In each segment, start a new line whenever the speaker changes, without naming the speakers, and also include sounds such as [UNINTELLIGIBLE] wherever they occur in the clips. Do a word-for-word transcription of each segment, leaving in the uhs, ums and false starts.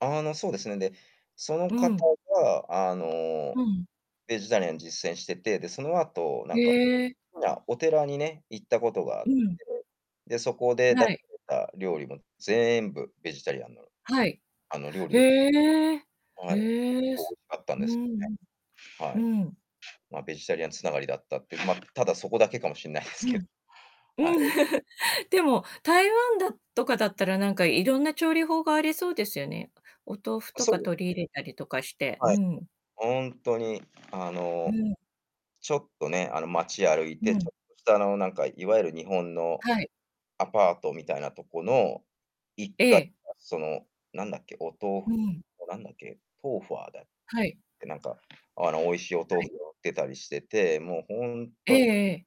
あのそうですね。で、その
う
方
ん。
があ
う
の
ん。
ベジタリアンを実践していて、でその後な
へ
んか
え。
ほら、お寺にね、行ったことがあっ
う
て、
ん。
で、そこで
は
出さ
い。
れた料理も全部ベジタリアンの。
はい、
あの料理
へ
です。
え、
はい。美味し
へえ、
かったん
う
です
ん、
ね。は
う
い。
ん。
ま、ベジタリアン繋がりだったっていう。ま、ただそこだけかもしんないです
う
けど。
ん。う
はい。
ん。でも、台湾だとかだったら、なんかいろんな調理法がありそうですよね。お豆腐
あ、
と
そ
か
う。
取り入れたりとかして。う
はい。
ん。
本当にあ
う
の
ん。
ちょっとね、あの街歩い
う
てち
ん。
ょっとした、あのなんかいわゆる日本の
はい。
アパートみたいなとこのいっかい
ええ。
がその何だっけ、お豆腐
うん。
なんだっけ、トウファだっ
はい。
てなんかあの美味しいお豆
はい。
腐を売ってたりしてて、もう本
ええ
当に
ええ。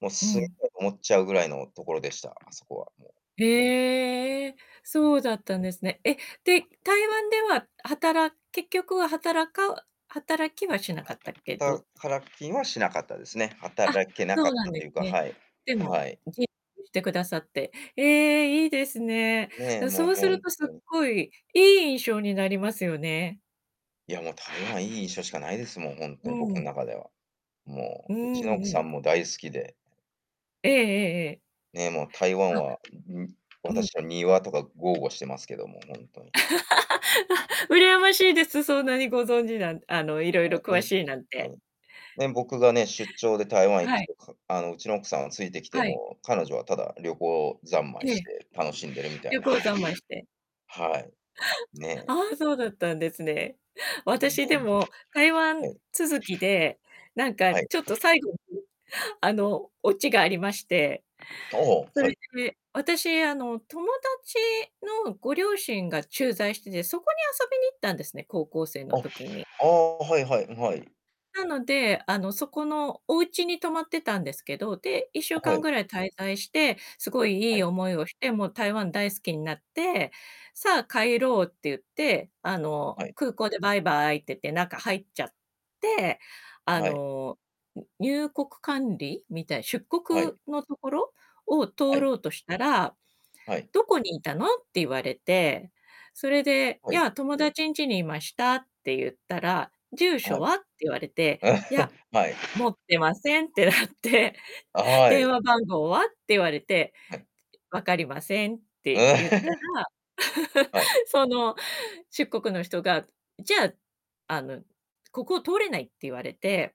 もう
う
住み
ん。
たいと思っちゃうぐらいの所でした。あそこはもう。
へえ、
も。
そうだったんですね。え、で、台湾では、はたら結局は働か働きはしなかったけど。
はたからきはしなかったですね。
あ、
働けな
そ
かっ
うなん
た
で
と
す
いうか、
ね。
はい。
でも、
はい。
[UNINTELLIGIBLE] してくださって、ええ、いいですね。
ね、もう
そうする
本
とすっ
当に。
ごい、いい印象になりますよね。
いや、もう台湾いい印象しかないですもん。本
う
当に僕の
ん。
中では。
う
もう、うちの奥
んう
さ
ん。
んも大好きで。
ええええええ。
ね、もう台湾
あ。
は、ん
うん。
私は庭とか豪語してますけども、本当に
[LAUGHS]
[UNINTELLIGIBLE]
羨ましいです。そんなにご存知なんあの、いろい
も
ろ
うほ
詳
ん
しいなん
と
て。
に。ね、僕がね、出張で台湾行
は
く
い。
とか、あのうちの奥さんはついてきて
はい。
も彼女はただ旅行三
え
昧し
え。
て楽しんでるみた
旅
いな。
行三昧して。
はい。ね。
ああ、そうだったんですね。
ね、
私でも台湾
はい。
続きで、なんか
はい。
ちょっと最後にあの、落ちがありまして。
ああ、は
それ
い。
で、私あの、友達のご両親が駐在してて、そこに遊びに行ったんですね、高校生の
あ、
時に。
ああ、はいはい、はい。
なので、あのそこのお家に泊まってたんですけど、で、いっしゅうか
は
ん
い。
ぐらい滞在して、すごいい
は
い
い。
思いをして、もう台湾大好きになって、さあ帰ろうって言って、あの、
はい。
空港でバイバイって言って中入っちゃって、あ
はい。
の、入国管理みたいな、出
は
国
い。
のところを
は
通
い。
ろうとしたら、
はい。
「どこにいたの？」って言われて。それで、
は
「い
い。
や友達んちにいました」って言ったら、「住
は
所
い。
は？」って言われて、
[LAUGHS]
「いや、
はい。
持ってません」ってなって、
は
「電
い。
話番号は？」って言われて
はい。
「分かりません」って言ったら。
[LAUGHS] はい。
[LAUGHS] その出国の人が、じゃあ、あの、ここを通れないって言われて。